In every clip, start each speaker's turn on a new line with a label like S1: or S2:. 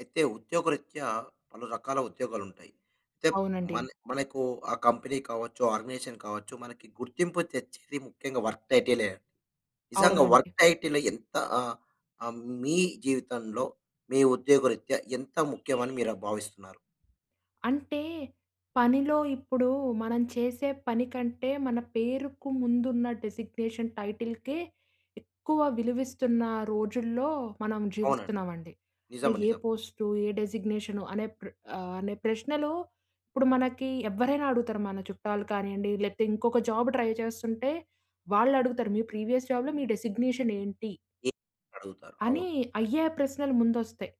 S1: అయితే ఉద్యోగరీత్యా పలు రకాల ఉద్యోగాలు ఉంటాయి. చేప్
S2: అవునండి.
S1: మనే మనేకు ఆ కంపెనీ కావచ్చు, ఆర్గనైజేషన్ కావచ్చు, మనకి గుర్తింపు తెచ్చేది ముఖ్యంగా వర్క్ టైటి‌లే. నిజంగా వర్క్
S2: అవునండి.
S1: టైటిల్ ఎంత ఆ ఆహ్, మీ జీవితంలో, మీ ఉద్యోగ రీత్యా ఎంత ముఖ్యం అని మీర భావిస్తున్నారు?
S2: అంటే పనిలో ఇప్పుడు, మనం చేసే పని కంటే మన పేరుకు ముందు ఉన్న డెజిగ్నేషన్ టైటిల్‌కే ఎక్కువ విలువిస్తున్న రోజుల్లో మనం
S1: అవునండి.
S2: జీవిస్తున్నామండి. అంటే
S1: నిజం
S2: ఏ
S1: నిజం.
S2: పోస్టు, ఏ డెజిగ్నేషను అనే ప్ర ఆహ్, అనే ప్రశ్నలో ఇప్పుడు మనకి ఎవ్వరైనా అడుగుతారు. మన చుట్టాలు కాని‌యండి, లేకపోతే ఇంకొక జాబు ట్రై చేస్తుంటే, వాళ్ళు అడుగుతారు. "మీ ప్రీవియస్ జాబ్‌లో మీ డెజిగ్నేషనేంటి?"
S1: ఏ అడుగుతారు. అవును.
S2: అని అయ్యే ప్రశ్నలు ముందు వస్తాయి.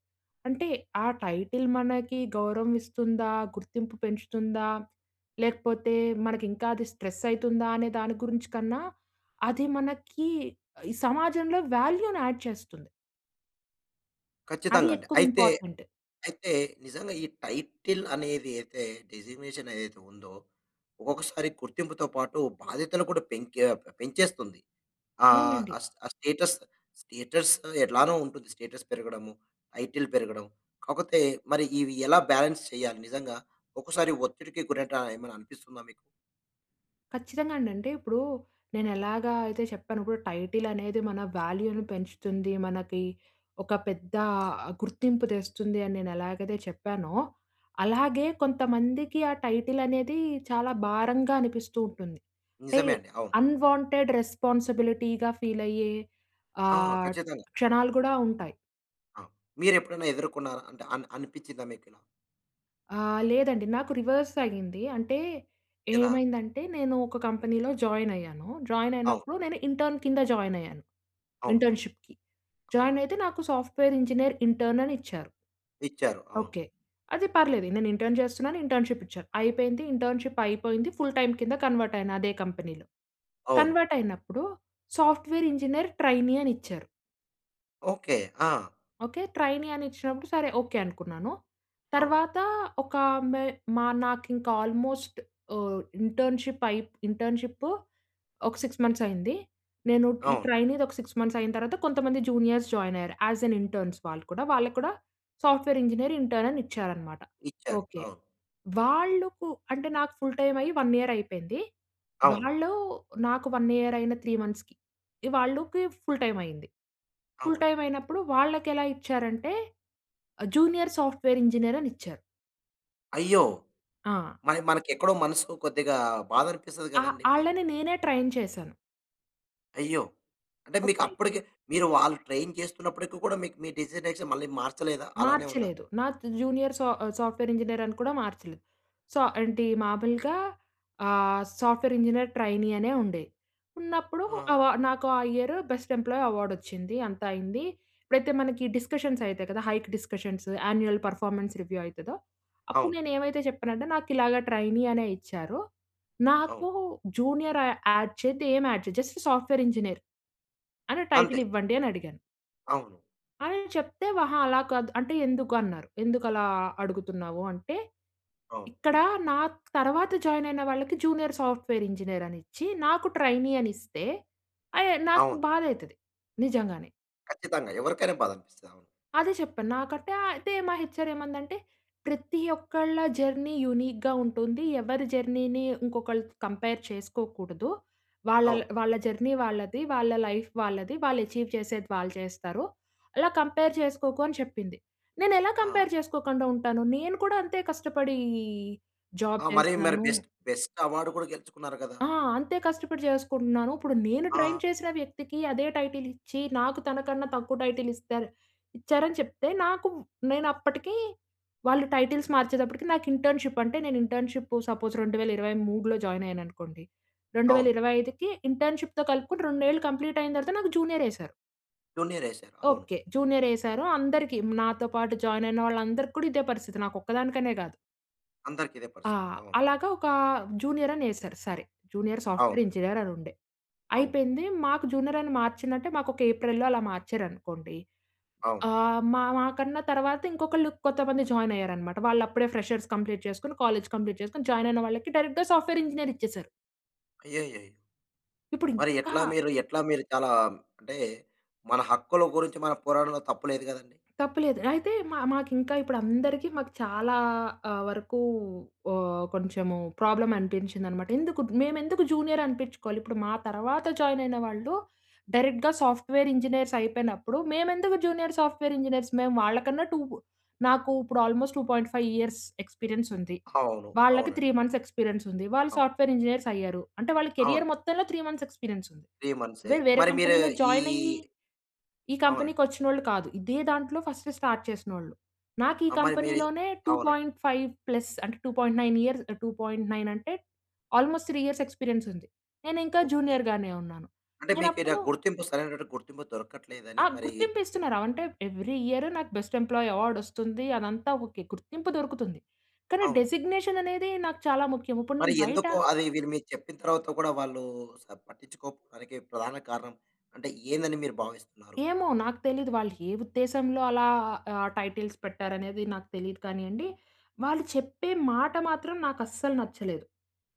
S2: అంటే ఆ టైటిల్ మనకి గౌరవం ఇస్తుందా? గుర్తింపు పెంచుతుందా? లేకపోతే మనకి ఇంకా అది స్ట్రెసైతుందా అనే దాని గురించి కన్నా, అది మనకి ఈ సమాజంలో వాల్యూ‌ని యాడ్ చేస్తుంది. అది
S1: ఖచ్చితంగా అండి.
S2: ఎక్కువ
S1: అయితే,
S2: ఇంపార్టెంట్.
S1: అయితే నిజంగా ఈ టైటిల్ అనేదతే డిజిగ్నేషనేదైతే ఉందో, ఒక్కొక్కసారి గుర్తింపుతో పాటు బాధ్యతలు కూడా పెంకె ఆహ్, పెంచేస్తుంది, ఆహ్,
S2: అవునండి.
S1: ఆస్ ఆ స్టేటస్, స్టేటస్ ఎట్లానోంటుంది. స్టేటస్ పెరగడము, టైటిల్ పెరగడం. కాకపోతే మరి ఇవి ఎలా బాలన్స్ చేయాలి? నిజంగా ఒకసారి ఒత్తిడికి గురై‌టై ఏమైనా అనిపిస్తుందా మీకు?
S2: ఖచ్చితంగా అండి. అంటే ఇప్పుడు నేనెలాగా అయితే చెప్పాను. ఇప్పుడు టైటిల్ అనేది మన వాల్యూను పెంచుతుంది. మనకి ఒక పెద్ద గుర్తింపు తెస్తుంది అని నేనెలాగైతే చెప్పానో అలాగే కొంతమందికి ఆ టైటిల్ అనేది చాలా భారంగా అనిపిస్తూ ఉంటుంది. అంటే
S1: నిజమే అండి. అవును.
S2: అన్‌వాంటెడ్ రెస్పాన్సిబిలిటీగా ఫీలయ్యే
S1: ఆ!
S2: ఆహ్,
S1: ఖచ్చితంగా.
S2: క్షణాలు కూడా ఉంటాయి.
S1: ఆ! మీరు ఎప్పుడైనా ఎదుర్కున్నారా అంటే అన్ అనిపించిందా మీ‌కు?
S2: ఆహ్, లేదండి నాకు రివర్స్ అయింది అంటే
S1: ఏలా?
S2: ఏమైందంటే నేను ఒక కంపెనీలో జాయినయ్యాను.
S1: అవును.
S2: జాయినయినప్పుడు నేను ఇంటర్న్ కింద జాయినయ్యాను
S1: అవును.
S2: ఇంటర్న్‌షిప్‌కి. జాయినయితే నాకు సాఫ్ట్‌వేర్ ఇంజినీర్ ఇంటర్న్ అనిచ్చారు.
S1: ఇచ్చారు. అవును.
S2: ఓకే. అది పర్లేదు నేను ఇంటర్న్ చేస్తున్నాను ఇంటర్న్‌షిప్‌ ఇచ్చారు అయిపోయింది ఇంటర్న్‌షీ‌ప్‌ అయిపోయింది ఫుల్ టైమ్ కింద కన్వర్ట్ అయినా అదే కంపెనీలో.
S1: అవును.
S2: కన్వర్ట్ అయినప్పుడు సాఫ్ట్‌వేర్ ఇంజినీర్ ట్రైనీ అనిచ్చారు.
S1: ఓకే. ఆ!
S2: ఓకే. ట్రైనీ అనిచ్చినప్పుడు సరే ఓకే. అనుకున్నాను. తర్వాత ఒక మే మా నాకింకా ఆల్‌మోస్ట్ ఆహ్, ఇంటర్న్‌షిప్‌ అయి‌ప్ ఇంటర్న్‌షిప్‌ ఒక 6 మంత్స్ అయింది. నేను ఈ
S1: అవును.
S2: ట్రైనీది ఒక 6 మంత్స్ అయిన తర్వాత కొంతమంది జూనియర్స్ జాయిన్ అయ్యారు. యాస్ ఎన్ ఇంటర్న్స్ వాళ్ళు కూడా. వాళ్ళకి కూడా సాఫ్ట్‌వేర్ ఇంజినీర్ ఇంటర్న్ అనిచ్చారన్నమాట
S1: ఇచ్చారు.
S2: ఓకే.
S1: అవును.
S2: వాళ్ళకు అంటే నాకు ఫుల్ టైమ్ అయ్యి 1 ఇయర్ అయిపోయింది.
S1: అవును.
S2: వాళ్ళు నాకు 1 ఇయర్ అయిన 3 మంత్స్‌కి ఇ వాళ్ళకి ఫుల్ టైమ్ అయింది. ఫుల్
S1: అవును.
S2: టైమ్ అయినప్పుడు వాళ్ళకెలా ఇచ్చారంటే ఆహ్, జూనియర్ సాఫ్ట్‌వేర్ ఇంజినీర్ అనిచ్చారు.
S1: అయ్యో!
S2: ఆ!
S1: మరి మనకు ఎక్కడో మనసు కొద్దిగా బాధనిపిస్తది
S2: అహా!
S1: కదండీ! మరి.
S2: ఆళ్ళని నేనే ట్రైన్ చేసాను.
S1: అయ్యో! అంటే
S2: ఓకె.
S1: మీకప్పటికి మీరు వాళ్ళు ట్రైన్ చేస్తున్నప్పటికి కూడా. మీకు మీ డెసిగ్నేషన్ మళ్ళి మార్చలేదా? అలానే ఉందా?
S2: మార్చలేదు. నా తు జూనియర్ సా ఆహ్, సాఫ్ట్‌వేర్ ఇంజనీర్ అని కూడా మార్చలేదు. సో, ఏంటి మామూలుగా ఆహ్, సాఫ్ట్‌వేర్ ఇంజనీర్ ట్రైనీ అనే ఉండే. ఉన్నప్పుడు అ
S1: ఆ!
S2: వ నాకు ఆ ఇయర్ బెస్ట్ ఎంప్లాయీ అవార్డొచ్చింది. అంత అయింది. ఎప్పుడైతే మనకి డిస్కషన్స్ అయితాయి కదా! Hike discussions, annual performance review అయితదో. అప్పుడు
S1: అవును.
S2: నేను ఏమైతే చెప్పానంటే, నాకిలాగా ట్రైనీ అనే ఇచ్చారు.
S1: అవును.
S2: నాకు జూనియర్ య యాడ్ చేయొద్దు, ఏమి యాడ్ చేయొద్దు. జస్ట్ సాఫ్ట్‌వేర్ ఇంజనీర్ అని టైటిల్
S1: అంతే.
S2: ఇవ్వండి అని అడిగాను...
S1: అవును.
S2: అని చెప్తే, అహా, అలా కాదు అంటే "ఎందుకు అన్నారు? ఎందుకు అలా అడుగుతున్నావు?" అంటే
S1: అవును.
S2: ఇక్కడ నాకు తరువాత జాయిన్ అయిన వాళ్ళకి జూనియర్ సాఫ్ట్‌వేర్ ఇంజనీర్ అని ఇచ్చి. నాకు ట్రైనీ అనిస్తే. ఐ ఏ నాకు
S1: అవును.
S2: బాధ అయితది నిజంగానే.
S1: కచ్చితంగా ఎవరికైనా బాధ అనిపిస్తది. అవును.
S2: అదే చెప్పాను. నాకంటే అయితే మా హెచ్ఆర్ ఏమందంటే, "ప్రతి ఒక్కళ్ళ జర్నీ యూనిక్‌గా ఉంటుంది. ఎవరి జర్నీని ఇంకొకళ్ళు కంపేర్ చేసుకోకూడదు. వాళ్ళళ్
S1: అవును.
S2: వాళ్ళ జర్నీ వాళ్ళది. వాళ్ళ లైఫ్ వాళ్ళది. వాళ్ళు అచీవ్ చేసేది వాళ్ళు చేస్తారు. అలా కంపేర్ చేసుకోకు" అని చెప్పింది. నేను ఎలా
S1: ఆ!
S2: కంపేర్ చేసుకోకుండా ఉంటాను. నేను కూడా అంతే కష్టపడీ జాబ్
S1: ఆ! మరీ, మరి
S2: చేస్తున్నాను.
S1: బెస్ట్, బెస్ట్ అవార్డ్ కూడా గెలుచుకున్నారు కదా!
S2: ఆ! అంతే కష్టపడి చేసుకుంటున్నాను. ఇప్పుడు నేను ట్రైన్
S1: ఆ!
S2: చేసిన వ్యక్తికి, అదే టైటిల్ ఇచ్చి. నాకు తనకన్నా తక్కువ టైటిల్ ఇస్తారు, ఇచ్చారని చెప్తే. నాకు నేను అప్పటికి, వాళ్ళు టైటిల్స్ మార్చేటప్పటికి నాకు ఇంటర్న్‌షిప్ అంటే, నేను ఇంటర్న్‌షిప్ సపోజ్ 2023లో జాయిన్ అయ్యాను అనుకోండి. రెండు వేల
S1: అవును.
S2: ఇరవై ఐదుకి ఇంటర్న్‌షిప్‌తో కలుపుకొని 2 ఏళ్ళు కంప్లీట్ అయిన తర్వాత నాకు జూనియర్ యేసారు.
S1: జూనియర్ ఏసారు. అవును.
S2: ఓకే. జూనియర్ ఏసారు అందరికి. నాతో పాటు జాయిన్ అయినోళ్ళందరికి కూడా ఇదే పరిస్థితి నాకు ఒక్కదానికనే గాదు.
S1: అందరికి ఇదే
S2: ఆ!
S1: పరిస్థితి. అవును.
S2: అలాగా ఒక జూనియర్ అని ఏశారు. సరే జూనియర్ సాఫ్ట్‌వేర్
S1: అవును.
S2: ఇంజినీర్ అని ఉండే.
S1: అవును.
S2: అయిపోయింది మాకు జూనియర్ అని మార్చి‌నంటే మాకు ఒక ఏప్రిల్‌లో అలా మార్చారనుకోండి
S1: అవును.
S2: ఆహ్, మా, మా కన్నా తర్వాత ఇంకొకళ్ళు కొంతమంది జాయిన్ అయ్యారనమాట. వాళ్ళు అప్పుడే ఫ్రెషర్స్ కంప్లీట్ చేసుకొని కాలేజ్ కంప్లీట్ చేసుకొని జాయిన్ అయిన వాళ్ళకి డైరెక్ట్‌గా సాఫ్ట్‌వేర్ ఇంజినీర్ ఇచ్చేసారు.
S1: అయ్యయ్యయ్యో!
S2: ఇప్పుడు
S1: మరి
S2: ఇంకా
S1: ఎట్లా మీరు, ఎట్లా మీరు చాలా అంటే మన హక్కుల గురించి మన పోరాడంలో తప్పు లేదు గదండీ!
S2: తప్పు లేదు. అయితే మ మాకింకా ఇప్పుడు అందరికి మాకు చాలా ఆహ్, వరకు ఆహ్, కొంచెము ప్రాబ్లమ్ అనిపించిందన్నమాట. ఎందుకు మేమెందుకు జూనియర్ అనిపించుకోవాలి. ఇప్పుడు మా తరువాత జాయిన్ అయిన వాళ్ళు డైరెక్ట్‌గా సాఫ్ట్‌వేర్ ఇంజినీర్స్ అయిపేనప్పుడు, మేమెందుకు జూనియర్ సాఫ్ట్‌వేర్ ఇంజినీర్స్. మేము వాళ్ళ కన్నా 2 నాకు ఇప్పుడు ఆల్మోస్ట 2.5 ఇయర్స్ ఎక్స్‌పీరియన్స్ ఉంది.
S1: హవును.
S2: వాళ్ళకి 3
S1: అవునండి.
S2: మంత్స్ ఎక్స్‌పీరియన్స్ ఉంది. వాళ్ళు
S1: అవును.
S2: సాఫ్ట్‌వేర్ ఇంజినీర్స్ అయ్యారు. అంటే వాళ్ళ
S1: అవును.
S2: కేరియర్ మొత్తంలో 3 మంత్స్ ఎక్స్‌పీరియన్స్ ఉంది.
S1: 3 మంత్స్‌యె
S2: వేర్ వేరే
S1: మరి మీరు
S2: కంపెనీలో
S1: ఈ
S2: జాయిన్ అయ్యి ఈ
S1: అవునండి.
S2: కంపెనీకి వచ్చినోళ్ళు కాదు. ఇదే దాంట్లో ఫస్ట్ స్టార్ట్ చేసినోళ్ళు. నాకు ఈ
S1: అమ్మాయి మీరి
S2: కంపెనీ‌లోనే టూ
S1: అవునండి.
S2: పాయింట్ ఫైవ్ ప్లస్ అంటే, 2.9 ఇయర్స్ ఆహ్, 2.9 అంటే ఆల్మోస్ట్ 3 ఇయర్స్ ఎక్స్‌పీరియన్స్ ఉంది. నేనికా
S1: ఓకే.
S2: జూనియర్ గానే ఉన్నాను.
S1: అంటే
S2: నేను
S1: మీకు ఏదేన
S2: అప్పుడు
S1: గుర్తింపు సరైనటు గుర్తింపు దొరకట్లేదు అని
S2: ఆ!
S1: మరి
S2: గుర్తింపు ఇస్తున్నారు. ఆవ్ అంటే ఎవ్రీ ఇయర్ నాకు బెస్ట్ ఎంప్లాయీ అవార్డ్ వస్తుంది. అదంతా ఓకే. గుర్తింపు దొరుకుతుంది. కానీ
S1: అవును.
S2: డెజిగ్నేషన్ అనేది నాకు చాలా ముఖ్యం. ఇప్పుడు
S1: మరి
S2: నేను బయట
S1: ఎందుకు అది వీరు మీకు చెప్పిన తర్వాత కూడా వాళ్ళు అస్సల్ పట్టించుకోడానికి ప్రధాన కారణం అంటే ఏందని మీరు భావిస్తున్నారు?
S2: ఏమో నాకు తెలిదు. వాళ్ళు ఏ ఉద్దేశంలో అలా ఆ టైటిల్స్ పెట్టారనేది నాకు తెలీదు కాని‌యండి. వాళ్ళు చెప్పే మాట మాత్రం నాకు అస్సలు నచ్చలేదు.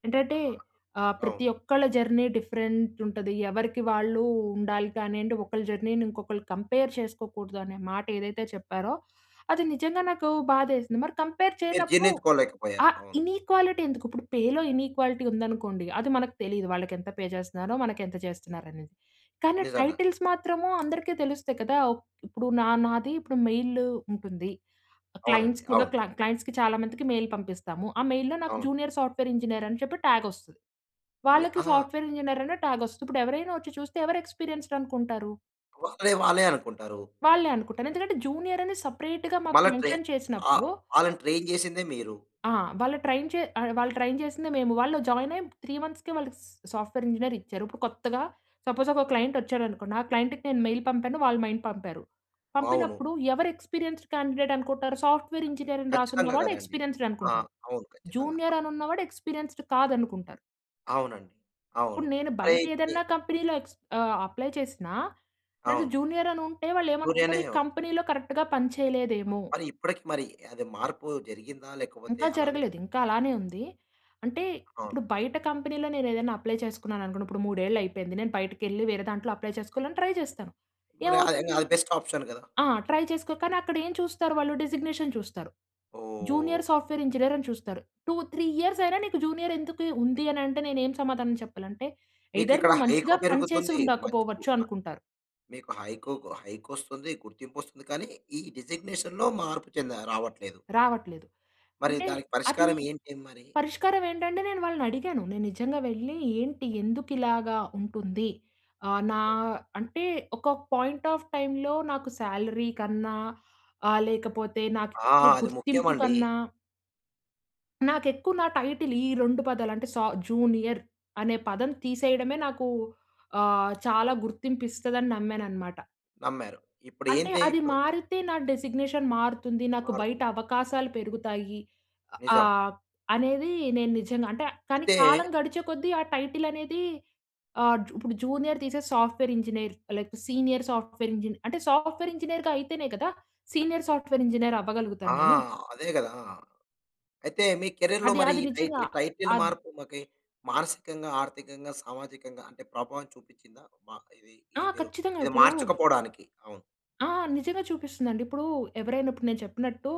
S2: ఏంటంటే
S1: ఆ!
S2: ఆహ్, ప్రతి
S1: అవును.
S2: ఒక్కళ్ళ జర్నీ డిఫరెంట్ ఉంటది. ఎవరికి వాళ్ళు ఉండాలి కానియండి, ఒకలి జర్నీని ఇంకొకళ్ళు కంపేర్ చేసుకోకూడదు అనే మాట ఏదైతే చెప్పారో అది నిజంగా నాకు బాధ ఏసింది. మరి కంపేర్
S1: మీరు
S2: చేయనప్పుడు
S1: జీర్ణించుకోలేకపోయారు
S2: ఆ
S1: అవును.
S2: ఇనీక్వాలిటీ ఎందుకు? ఇప్పుడు పేలో ఇనీక్వాలిటీ ఉందనుకోండి అది మనకు తెలీదు. వాళ్ళకి ఎంత పే జేస్తున్నారో మనకెంత జేస్తున్నారో ఆనేది. కానీ
S1: నిజంగా.
S2: టైటిల్స్ మాత్రము అందరికి తెలుస్తాయి కదా! ఒక్ ఇప్పుడు న నాది ఇప్పుడు మెయిల్ ఉంటుంది.
S1: అవునండి.
S2: క్లయింట్స్ కూడా
S1: అవును.
S2: క్ల క్లయింట్స్‌కి చాలా మందికి మెయిల్ పంపిస్తాము. ఆ మెయిల్లో నాకు
S1: అవును.
S2: జూనియర్ సాఫ్ట్‌వేర్ ఇంజినీర్ అని చెప్పి టాగ్ వస్తది.
S1: ని
S2: వాళ్ళకి
S1: అహా!
S2: సాఫ్ట్‌వేర్ ఇంజినీర్ ఆనే టాగ్ వస్తది. ఇప్పుడు ఎవరైనా వచ్చి చూస్తే ఎవరు ఎక్స్‌పీరియన్స్‌డ్ అనుకుంటారు?
S1: వాళ్ళే, వాళ్ళే అనుకుంటారు.
S2: వాళ్ళే అనుకుంటాను. ఎందుకంటే జూనియర్ అని సపరేట్‌‌‌గా మాకు
S1: మల్ల ట్రై
S2: మెన్షన్
S1: ఆహ్,
S2: చేసినప్పుడు
S1: ఆళ్ళని ట్రైన్ జేసిందే మీరు.
S2: ఆ! వాళ్ళు ట్రైన్ చే ఆడ్ వాళ్ళు ట్రైన్ చేసిందే మేము. వాళ్ళు జాయిన్ అయ్యి 3 మంత్స్‌కే వాళ్ళకి స్ సాఫ్ట్‌వేర్ ఇంజినీర్ ఇచ్చారు. ఇప్పుడు కొత్తగా సపోజ్ ఒక క్లయింట్ వచ్చాడనుకోండి. ఆ క్లయింట్‌కి నేను మెయిల్ పంపాను వాళ్లు మెయిల్ పంపారు.
S1: అవును.
S2: పంపినప్పుడు ఎవరు ఎక్స్పీరియన్స్డ్ క్యాండిడేట్ అనుకుంటారు? సాఫ్ట్‌వేర్ ఇంజినీర్ అని
S1: ఖచ్చితంగా
S2: రాసున్నవాడె
S1: గదండీ.
S2: ఎక్స్పీరియన్స్డ్
S1: ఆ!
S2: అనుకుంటారు.
S1: అవును ఖచ్చితంగా.
S2: జూనియర్ అని ఉన్నవాడు ఎక్స్పీరియన్స్డ్ కాదనుకుంటారు.
S1: అవునండి. అవును.
S2: ఇప్పుడు నేను బయట
S1: అయితే
S2: ఏదన్నా కంపెనీ‌లో ఎక్స్ ఆహ్, అప్లై చేసినా లేదా
S1: అవును.
S2: జూనియర్ అని ఉంటే వాళ్ళు ఏమనుకుంటారు.
S1: జూనియర్‌నే
S2: ఈ కంపెనీ‌‌లో కరెక్ట్‌గా పని చేయలేదేమో!
S1: మరి ఇప్పటికి మరి అది మార్పు జరిగిందా లేకపోతే
S2: ఇంకా
S1: అలానే
S2: జరగలేదు. ఇంకా అలానే ఉంది. అంటే
S1: అవును.
S2: ఇప్పుడు బయట కంపెనీ‌లో నేను ఏదైనా అప్లై చేసుకున్నాననుకోండి. ఇప్పుడు మూడేళ్ళయిపోయింది. నేను బయటికెళ్లి వేరే దాంట్లో అప్లై చేసుకోవాలని ట్రై చేస్తాను.
S1: మరి అది ఇంగ
S2: ఏమవుతుంది?
S1: అది బెస్ట్ ఆప్షన్ గదా!
S2: ఆ! ట్రై చేసుకో కానీ అక్కడ ఏం చూస్తారు వాళ్ళు? డిసిగ్నేషన్ చూస్తారు.
S1: ఓహ్!
S2: జూనియర్ సాఫ్ట్వేర్ ఇంజినీర్ అని చూస్తారు. 2, 3 ఇయర్స్ అయినా నీకు జూనియర్ ఎందుకు ఉంది? అని అంటే నేను ఏమి సమాధానం చెప్పాలంటే ఎయ్‌దర్
S1: మీకిక్కడ
S2: నేను
S1: హైకు
S2: మంచిగా పని చేసి
S1: పెరుగుతుంది. మంచి
S2: ఉండకపోవచ్చు అనుకుంటారు.
S1: మీకు హైకుకు హైకొస్తుంది. గుర్తింపొస్తుంది కానీ ఈ డిసిగ్నేషన్‌లో మార్పు చెందా రావట్లేదు.
S2: రావట్లేదు.
S1: మరి
S2: అంటే
S1: దానికి
S2: అది
S1: పరిష్కారం ఏంటి మరి?
S2: పరిష్కారం ఏంటంటే నేను వాళ్ళనడిగాను. నేను నిజంగా వెళ్లి ఏంటి? ఎందుకు ఇలాగ ఉంటుంది? ఆహ్, నా అంటే ఒక పాయింట్ ఆఫ్ టైమ్‌లో నాకు సాలరీ కన్నా ఆహ్, లేకపోతే
S1: ఆ!
S2: నాకిచ్చే
S1: అది
S2: గుర్తింపు
S1: ముఖ్యమండి.
S2: కన్నా నాకెక్కువ నా టైటిల్ ఈ 2 పదాలంటే సా జూనియర్ అనే పదం తీసేయడమే నాకు ఆహ్, చాలా గుర్తింపిస్తదని నమ్మాననమాట.
S1: నమ్మారు.
S2: అంటే,
S1: ఇప్పుడేందే
S2: అది
S1: ఇప్పుడు
S2: మారితే నా డిజిగ్నేషన్ మారుతుంది నాకు బయట
S1: మారుతుంది.
S2: అవకాశాలు పెరుగుతాయి.
S1: నిజం.
S2: ఆహ్, అనేది నేను నిజంగా అంటే, కానీ
S1: అయితే
S2: కాలం గడిచే కొద్దీ ఆ టైటిల్ అనేది ఆహ్, జు ఇప్పుడు జూనియర్ తీసేసి సాఫ్ట్‌వేర్ ఇంజనీర్ లేపోతే సీనియర్ సాఫ్ట్‌వేర్ ఇంజనీర్ అంటే సాఫ్ట్‌వేర్ ఇంజనీర్‌గా అయితేనే కదా! సీనియర్ సాఫ్ట్‌వేర్ ఇంజనీర్
S1: ఆ!
S2: అవ్వగలుగుతాను నేనూ.
S1: అదే గదా! అయితే, మీ కేరియర్‌లో
S2: అది,
S1: మరి
S2: అది
S1: ఈ
S2: నిజంగా
S1: టైటి టైటిల్
S2: అద్
S1: మార్పుకి మానసికంగా, ఆర్థికంగా, సామాజికంగా అంటే ప్రభావం చూపించిందా? మ ఇది ఈ
S2: ఆ!
S1: మీరు
S2: ఖచ్చితంగా
S1: ఇది
S2: ఇప్పుడు
S1: మార్చకపోడానికి అవును.
S2: ఆ! నిజంగా చూపిస్తుందండి. ఇప్పుడు ఎవరైనా ఇప్పుడు నేను చెప్పినట్టు,,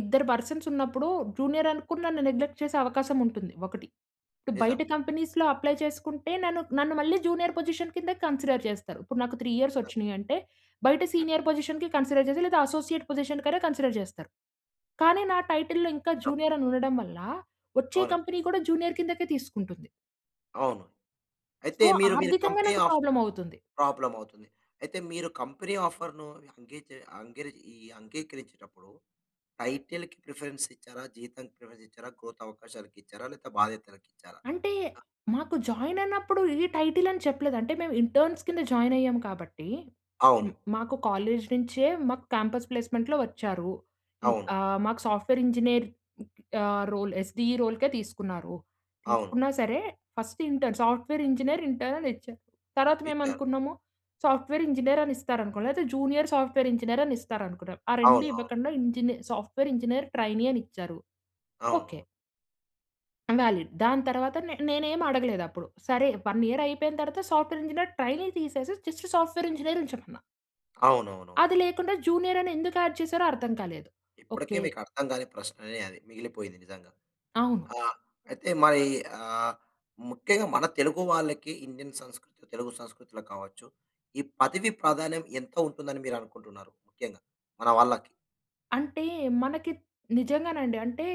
S2: ఇద్దరు పర్సన్స్ ఉన్నప్పుడు జూనియర్ అనుకుని, నన్ను నెగ్లెక్ట్ చేసే అవకాశముంటుంది ఒకటి.
S1: నిజం.
S2: బయట కంపెనీస్‌లో అప్లై చేసుకుంటే నన్ను, నన్ను మళ్ళీ జూనియర్ పొజిషన్ కిందే కన్సిడర్ చేస్తారు. ఇప్పుడు నాకు 3 ఇయర్స్ వచ్చినియంటే, బయట సీనియర్ పొజిషన్‌కి కన్సిడర్ చేసి లేదా అసోసియేట్ పొజిషన్ కనే కన్సిడర్ చేస్తారు. కానీ, నా టైటిల్‌లో ఇంకా
S1: నిజం.
S2: జూనియర్ అని ఉండడం వల్ల, వచ్చే
S1: అవునండి.
S2: కంపెనీ కూడా జూనియర్ కిందకే తీసుకుంటుంది.
S1: అవును. అయితే
S2: సో,
S1: మీరు, మీరు
S2: ఆర్థికంగా
S1: కంపెనీ
S2: నాకు
S1: ఆఫ్
S2: ప్రాబ్లమ్ అవుతుంది.
S1: ప్రాబ్లమ్ అవుతుంది. అయితే మీరు కంపెనీ ఆఫర్‌ను అంగీచ అంగరి ఈ అంగీకరించేటప్పుడు టైటిల్‌కి ప్రిఫరెన్స్ ఇచ్చారా? జీతం ప్రిఫరెన్స్ ఇచ్చారా? గ్రోత్ అవకాశాలకి ఇచ్చారా? లేదా బాధ్యతలకి ఇచ్చారా?
S2: అంటే, మాకు జాయిన్ అయినప్పుడు ఈ టైటిల్ అని చెప్పలేదు. అంటే, మేము ఇంటర్న్స్ కింద జాయిన్ అయ్యాము కాబట్టి, హ్మ్,
S1: అవును.
S2: మాకు కాలేజ్ నుంచే మాకు క్యాంపస్ ప్లేస్మెంట్‌లో వచ్చారు. ఇన్
S1: అవును.
S2: ఆహ్, మాకు సాఫ్ట్‌వేర్ ఇంజినీర్ ఆహ్, రోల్ ఎస్‌డిఈ రోల్‌కే తీసుకున్నారు.
S1: అవును.
S2: తీసుకున్నా సరే, first intern, software engineer intern ఇచ్చరు. తర్వాత మేము
S1: ఇచ్చారు.
S2: అనుకున్నాము సాఫ్ట్‌వేర్ ఇంజినీర్ అని ఇస్తారనుకో లేకపోతే జూనియర్ సాఫ్ట్‌వేర్ ఇంజనీర్ అని ఇస్తారనుకున్నాం. ఆ రెండు
S1: అవునవును.
S2: ఇవ్వకుండా ఇంజినీ సాఫ్ట్‌వేర్ ఇంజినీర్ ట్రైనీ అని ఇచ్చారు. ఓకే...
S1: అవును.
S2: వాలిడ్. దాని తరువాత నే నేను ఏమి అడగలేదు అప్పుడు. సరే 1 ఇయర్ అయిపోయిన తరువాత సాఫ్ట్‌వేర్ ఇంజినీర్ ట్రైనీ తీసేసి జస్ట్ సాఫ్ట్‌వేర్ ఇంజినీర్ ఉంచమన్నా.
S1: అవునవును.
S2: అది లేకుండా జూనియర్ అని ఎందుకు యాడ్ చేసారో అర్థం కాలేదు.
S1: ఇప్పడికే
S2: ఓకే.
S1: మీకు అర్థం కాని ప్రశ్ననే అది. మిగిలిపోయింది నిజంగా.
S2: అవును.
S1: ఆ! అయితే మయి ఆహ్, ముఖ్యంగా మన తెలుగు వాళ్ళకి ఇండియన్ సంస్కృతి, తెలుగు సంస్కృతిలో కావచ్చు, ఈ పదవి ప్రాధాన్యం ఎంత ఉంటుంది, అని మీరు అనుకుంటున్నారు? ముఖ్యంగా, మన వాళ్ళకి.
S2: అంటే మనకి నిజంగానండి అంటే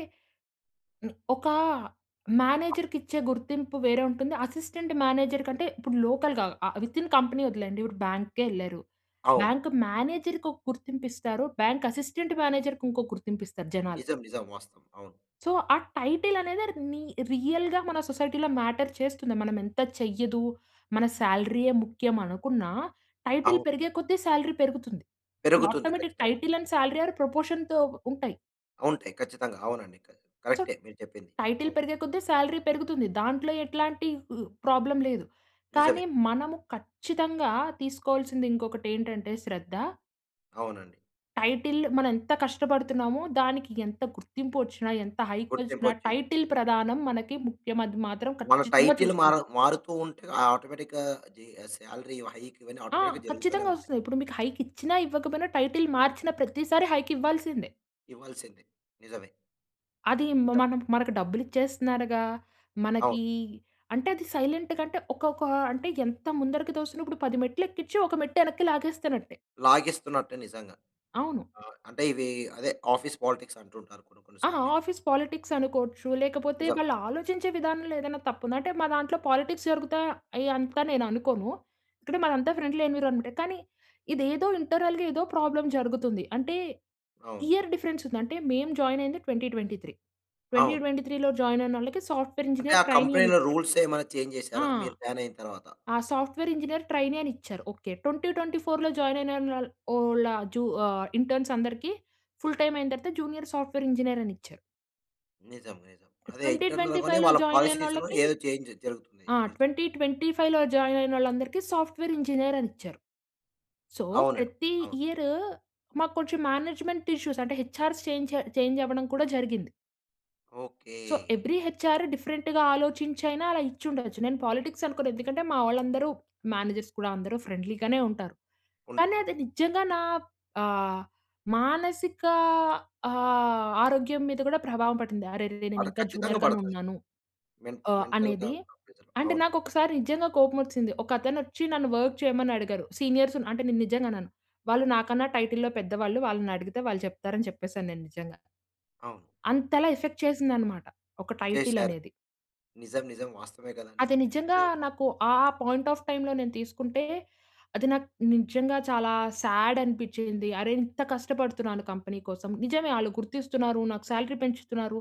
S2: ని ఒక మేనేజర్‌కిచ్చే గుర్తింపు వేరే ఉంటుంది, అసిస్టెంట్ మేనేజర్ కంటే ఇప్పుడు లోకల్‌గా ఆహ్, విత్‌ఇన్ కంపెనీ వదిలేయండి. ఇప్పుడు బ్యాంక్‌కేళ్లారు.
S1: అవును.
S2: బ్యాంక్ మేనేజర్‌కి ఒక గుర్తింపు ఇస్తారు, బ్యాంక్ అసిస్టెంట్ మేనేజర్‌కింకో గుర్తింపిస్తారు జనాలు.
S1: నిజం. నిజం. వాస్తవం. అవును.
S2: సో, ఆ టైటిల్ అనేదే ర్ నీ రియల్‌గా మన సొసైటీలో మ్యాటర్ చేస్తుంది. మనం ఎంత చెయ్యదు, మన సాలరీయే ముఖ్యమనుకున్నా టైటిల్
S1: అవును.
S2: పెరిగే కొద్దీ సాలరీ పెరుగుతుంది.
S1: పెరుగుతుంది
S2: ఆటోమేటిక్
S1: ఖచ్చితంగా.
S2: టైటిల్ అండ్ సాలరీ ఆర్ ప్రపోర్షన్‌తో ఉంటాయి.
S1: ఉంటాయి ఖచ్చితంగా. అవునండి. క
S2: సొ,
S1: కరెక్టే మీరు చెప్పింది.
S2: టైటిల్
S1: అవ్
S2: పెరిగే కొద్దీ సాలరీ పెరుగుతుంది. దాంట్లో ఎట్లాంటి ఉ ప్రాబ్లమ్ లేదు. కానీ
S1: నిజమే.
S2: మనము ఖచ్చితంగా తీసుకోవాల్సింది ఇంకొకటి ఏంటంటే శ్రద్ధ
S1: అవునండి.
S2: టైటిల్ మనం ఎంత కష్టపడుతున్నామో, దానికి ఎంత గుర్తింపోచ్చిన ఎంత హైకొచ్చిన
S1: గుర్తింపోచ్చింది.
S2: టైటిల్ ప్రధానం మనకి ముఖ్యమది మాత్రం
S1: మన
S2: ఖచ్చితంగా
S1: టైటిల్ మర
S2: చూస్తుంది.
S1: మారుతూ ఉంటే ఆటోమేటిక్‌గా అది ఆ సాలరీ ఇవ హైక్ ఇవన్నీ
S2: ఆ!
S1: ఆటోమేటిక్‌గా
S2: ఖచ్చితంగా
S1: జరుగుతూనేంటాయి.
S2: వస్తుంది. ఇప్పుడు మీకు హైకిచ్చిన, ఇవ్వకపోయినా, టైటిల్ మార్చిన ప్రతిసారి హైకివ్వాల్సిందే.
S1: ఇవ్వాల్సిందే. నిజమే.
S2: అది మ
S1: చెప్
S2: మనం మనకు డబ్బులు ఇచ్చేస్తున్నారుగా,
S1: అవును.
S2: మనకి అంటే అది సైలెంట్‌గా అంటే ఒకొక్క, అంటే ఎంత ముందరికి తోసినప్పుడు 10 మెట్లు ఎక్కించి ఒక మెట్టు వెనక్కి లాగేస్తునట్టే.
S1: లాగిస్తున్నట్టు నిజంగా.
S2: అవును.
S1: ఆహ్, అంటే ఇవి అదే ఆఫీస్ పాలిటిక్స్ అంటుంటారు కొన్ని కొన్ని
S2: ఆ!
S1: సార్లు ఇవి.
S2: ఆఫీస్ పాలిటిక్స్ అనుకోవచ్చు. లేకపోతే
S1: నిజం.
S2: వాళ్ళు ఆలోచించే విధానంలో ఏదైనా తప్పుంది. అంటే మా దాంట్లో పాలిటిక్స్ జరుగుతాయా? అయ్యి అంత నేను అనుకోను. ఇక్కడ మాదంతా ఫ్రెండ్లీ ఎన్విరాన్మెంటే కానీ, ఇదేదో ఇంటర్నల్‌గా ఏదో ప్రాబ్లమ్ జరుగుతుంది. అంటే
S1: అవును.
S2: ఇయర్ డిఫరెన్స్ ఉంది. అంటే మేము జాయిన్ అయ్యింది 2023. ట్వెంటీ
S1: అవును.
S2: ట్వెంటీ త్రీలో జాయిన్ అయినోళ్ళకి సాఫ్ట్వేర్
S1: అంటే
S2: ఇంజినీర్
S1: ఆ
S2: ట్రైనీ అని
S1: కంపెనీ‌లో
S2: ఇచ్చారు.
S1: రూల్స్ ఏమైనా చేంజ్
S2: ఆ!
S1: చేసారా? మీరు బ్యాన్ అయిన తరువాత.
S2: ఆ సాఫ్ట్వేర్ ఇంజినీర్ ట్రైనీ అని ఇచ్చారు. ఓకె. 2024లో జాయిన్ అయి నైనోళ్ ఓళ్ళ జు ఆహ్, ఇంటర్న్స్ అందరికి ఫుల్ టైం అయిన తర్వాత జూనియర్ సాఫ్ట్వేర్ ఇంజినీర్ అని ఇచ్చారు.
S1: నిజం, నిజం. అదే
S2: ట్వెంటీ
S1: ఇంటర్నల్
S2: ట్వెంటీ
S1: గానే
S2: ఫైవ్‌లో జాయిన్
S1: పాలిసీస్‌లో
S2: అయినొళ్ళకి
S1: ఏదో చేంజ్ జరుగుతుంది.
S2: ఆ!
S1: మీరు
S2: ట్వెంటీ
S1: చెప్పినట్టుగా.
S2: ట్వెంటీ ఫైవ్‌లో జాయిన్ అయినోళ్ళందరికీ సాఫ్ట్వేర్ ఇంజినీర్ అనిచ్చారు. సో,
S1: అవునండి.
S2: ప్రతి
S1: అవును.
S2: ఇయర్ మాకు కొంచెం మేనేజ్మెంట్ ఇష్యూస్ అంటే, హెచ్ఆర్స్ చేంజ చేంజ్ అవ్వడం కూడా జరిగింది.
S1: ఓకే.
S2: సో, ఎవ్రి హెచ్ఆర్ డిఫరెంట్‌గా ఆలోచించైనా అలా ఇచ్చి ఉండచ్చు. నేను పాలిటిక్స్ అనుకోను, ఎందుకంటే మా వాళ్ళందరూ మేనేజర్స్ కూడా అందరూ ఫ్రెండ్లీ గానే ఉంటారు. కానీ,
S1: ఉంటారు.
S2: అది నిజంగా నా ఆహ్, మానసిక ఆహ్, ఆరోగ్యం మీద కూడా ప్రభావం పడింది. "అరెరె,
S1: ఆడ
S2: నేనింకా
S1: ఖచ్చితంగా
S2: జూనియర్ గానే
S1: పడతాది.
S2: ఉన్నాను"
S1: మెంట్
S2: ఆహ్,
S1: మెంటల్‌గా
S2: అనేది
S1: ప్రెషర్
S2: అంటే
S1: అవును.
S2: నాకు ఒకసారి నిజంగా కోపం వచ్చింది. ఒక అతనొచ్చి నన్ను వర్క్ చేయమని అడిగారు. సీనియర్స్ అంటే నేను నిజంగా అనను. వాళ్ళు నాకన్నా టైటిల్లో పెద్దవాళ్ళు, వాళ్ళనడిగితే వాళ్ళు చెప్తారని చెప్పేసాను నేను నిజంగా.
S1: అవును.
S2: అంతలా ఎఫెక్ట్ చేసిందన్నమాట. ఒక టైటిల్
S1: చేశారు.
S2: అనేది.
S1: నిజం, నిజం. వాస్తవమే కదండీ.
S2: అది నిజంగా
S1: జ
S2: నాకు ఆ పాయింట్ ఆఫ్ టైమ్‌లో నేను తీసుకుంటే అది నాకు నిజంగా చాలా సాడ్ అనిపించింది. అరె! ఇంత కష్టపడుతున్నాను కంపెనీ కోసం, నిజమే ఆళ్ళు గుర్తిస్తున్నారు, నాకు సాలరీ పెంచుతున్నారు.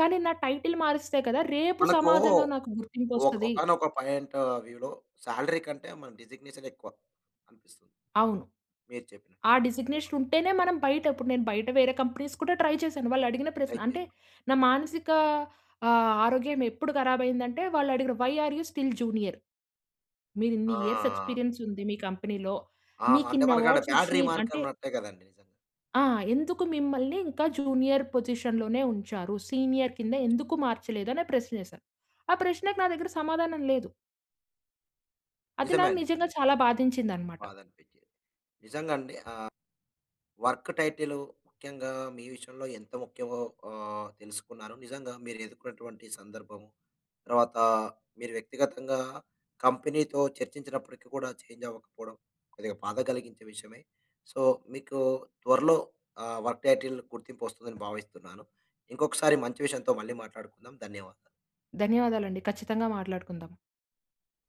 S2: కానీ, నా టైటిల్ మారిస్తే కదా రేపు
S1: మనకు
S2: సమాజంలో నాకు
S1: ఒక్
S2: గుర్తింపొస్తది.
S1: ఒకానొక పాయింట్ వ్యూలో సాలరీ కంటే మన డిజిగ్నేషన్ ఎక్కువ అనిపిస్తుంది.
S2: అవును.
S1: మీరు చెప్పినట్టు
S2: ఆ
S1: [unintelligible]
S2: డిజిగ్నేషన్ ఉంటేనే మనం బయట ఇప్పుడు నేను బయట వేరే కంపెనీస్ కూడా ట్రై చేశాను. వాళ్ళు అడిగిన ప్రశ్న
S1: ఐపోయిరు.
S2: అంటే నా మానసిక ఆహ్, ఆరోగ్యం ఎప్పుడు కరాబయ్యిందంటే వాళ్ళు అడిగిన, "why are you still junior? మీరిన్ని ఇయర్స్
S1: ఆ!
S2: ఎక్స్పీరియన్స్ ఉంది మీ కంపెనీ‌లో,
S1: ఆ! అంటే
S2: మీకిన్ని
S1: మనకు ఆడ
S2: అవార్డ్స్
S1: బాడ్
S2: వచ్చినయి".
S1: రిమార్క్
S2: అంటే
S1: ఉన్నట్టే కదండి నిజంగా.
S2: ఆ! "ఎందుకు మిమ్మల్ని ఇంకా జూనియర్ పొజిషన్‌లోనే ఉంచారు. సీనియర్ కింద ఎందుకు మార్చలేదు?" అని ప్రశ్న వేశారు. ఆ ప్రశ్నకి నా దగ్గర సమాధానం లేదు. అది
S1: నిజమే
S2: నాకు
S1: అండి.
S2: నిజంగా
S1: నిజం.
S2: చాలా బాధించిందన్నమాట.
S1: బాధనిపించేది. నిజంగా అండి. ఆహ్, వర్క్ టైటిల్ ముఖ్యంగా మీ విషయంలో ఎంత ముఖ్యమో ఆహ్, తెలుసుకున్నారు. నిజంగా మీరు ఎదుర్కున్నటువంటి సందర్భము, తర్వాత మీరు వ్యక్తిగతంగా కంపెనీతో చర్చించినప్పటికి కూడా చేంజ్ అవ్వకపోవడం, కొద్దిగా బాధ కలిగించే విషయమే. సో మీకు త్వరలో ఆహ్, వర్క్ టైటిల్ గుర్తింపు వస్తుందని భావిస్తున్నాను. ఇంకొకసారి మంచి విషయంతో మళ్ళీ మాట్లాడుకుందాం. ధన్యవాదాలు.
S2: ధన్యవాదాలండి. ఖచ్చితంగా మాట్లాడుకుందాం.